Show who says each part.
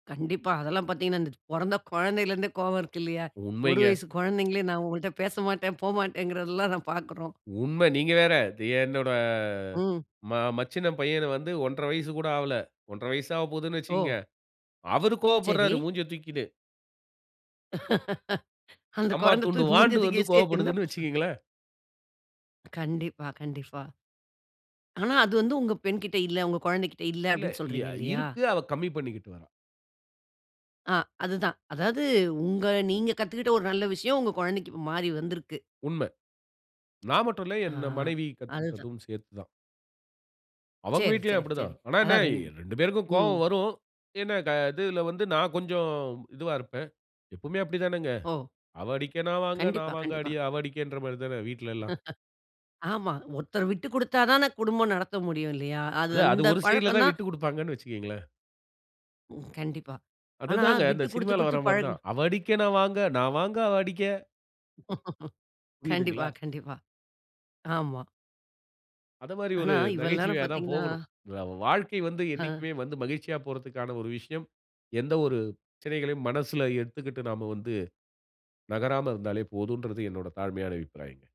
Speaker 1: கண்டிப்பா. அதெல்லாம் பாத்தீங்கன்னா, இந்த பொறந்த கொழந்தையிலருந்தே கோவம் இருக்கு இல்லையா? 1
Speaker 2: உண்மைங்க.
Speaker 1: வயசு கொழந்தைங்களே நான் உங்கள்ட பேசமாட்டேன், போமாட்டேங்கறதெல்லாம் நாம பாக்குறோம்.
Speaker 2: உண்ம நீங்க வேற, என்னோட
Speaker 1: ம்.
Speaker 2: ம மச்சினன் பையன வந்து 1 1/2 வயசு கூட ஆவல. 1 1/2 வயசு ஆவப்போகுதுன்னு
Speaker 1: ஓ!
Speaker 2: வச்சுக்கங்க. அவர்
Speaker 1: சரி.
Speaker 2: கோவப்படுறாரு மூஞ்ச தூக்கின்னு.
Speaker 1: அந்த
Speaker 2: அம்மா
Speaker 1: கொழந்த
Speaker 2: துண்டு
Speaker 1: தூக்கி மூஞ்சிய
Speaker 2: வாண்டு
Speaker 1: தூக்கி
Speaker 2: வந்து
Speaker 1: வச்சுட்டு
Speaker 2: கோவப்படுதுன்னு
Speaker 1: என்னப்ப சொ
Speaker 2: வச்சுக்கங்களேன்.
Speaker 1: கண்டிப்பா, கண்டிப்பா. "ஆனா, அது வந்து உங்க பெண்கிட்ட இல்ல. உங்க குழந்தைகிட்ட இல்ல."
Speaker 2: இல்ல
Speaker 1: அப்படீன்னு
Speaker 2: ய
Speaker 1: சொல்றீங்க இல்லையா?
Speaker 2: இருக்கு. அவ கம்மி பண்ணிக்கிட்டு வரா.
Speaker 1: அ அதுதான், அதாவது உங்க நீங்க கத்துக்கிட்ட ஒரு நல்ல விஷயம், உங்க குழந்தைக்கு மாறி வந்துருக்கு.
Speaker 2: உண்ம. நான் மட்டும் இல்ல,
Speaker 1: அ
Speaker 2: என் மனைவி
Speaker 1: அதுதான்.
Speaker 2: கத்துகிட்டதும் சேர்த்து தான். அவங்க
Speaker 1: சரி,
Speaker 2: வீட்லயும்
Speaker 1: சரி,
Speaker 2: அப்படி
Speaker 1: சரி.
Speaker 2: தான். ஆனா என்ன
Speaker 1: அதான் ரெண்
Speaker 2: 2 பேருக்கும் கோவம்
Speaker 1: ம்.
Speaker 2: வரும். என்ன க இதுல வந்து நான் கொஞ்சம் இதுவா இருப்பேன். எப்பவுமே அப்படி தானங்க.
Speaker 1: ஓ!
Speaker 2: அவ அடிக்க நான் வாங்க,
Speaker 1: கண்டிப்பா,
Speaker 2: நான் வாங்க
Speaker 1: கண்டிப்பா.
Speaker 2: அடி, அவ அடிக்கன்ற மாரி தான வீட்லல்லாம்.
Speaker 1: ஆமா. ஒருத்தர் விட்டு குடுத்தா தான குடும்பம் நடத்த முடியும் இல்லையா? அது
Speaker 2: அது அது
Speaker 1: அந்த
Speaker 2: ஒரு சைட்ல
Speaker 1: பழக்கம்
Speaker 2: தான்
Speaker 1: தான்
Speaker 2: விட்டு குடுப்பாங்கன்னு வச்சுக்கங்களேன்.
Speaker 1: ம், கண்டிப்பா. ஆனா,
Speaker 2: அதுதாங்க, இந்த
Speaker 1: விட்டு குடுத்து
Speaker 2: சினிமால
Speaker 1: குடுத்து
Speaker 2: வர மாரி
Speaker 1: பழகு
Speaker 2: தான், "அவ அடிக்க நான் வாங்க, நான் வாங்க அவ அடிக்க."
Speaker 1: கண்டிப்பா,
Speaker 2: புரியுதுங்களா?
Speaker 1: கண்டிப்பா. ஆமா.
Speaker 2: அத மாரி
Speaker 1: ஆனா
Speaker 2: ஒரு
Speaker 1: இவ்வள நேரம்
Speaker 2: நகைச்சுவையா தான்
Speaker 1: பார்த்தீங்கன்னா,
Speaker 2: போகணும். இந்த வாழ்க்கை வந்து
Speaker 1: அ.
Speaker 2: என்னைக்குமே வந்து மகிழ்ச்சியா போறதுக்கான ஒரு விஷயம், எந்த ஒரு பிரச்சனைகளையும் மனசுல ஏத்துகிட்டு நாம வந்து, நகராம இருந்தாலே போதுன்றது, என்னோட தாழ்மையான அபிப்பிராயங்க.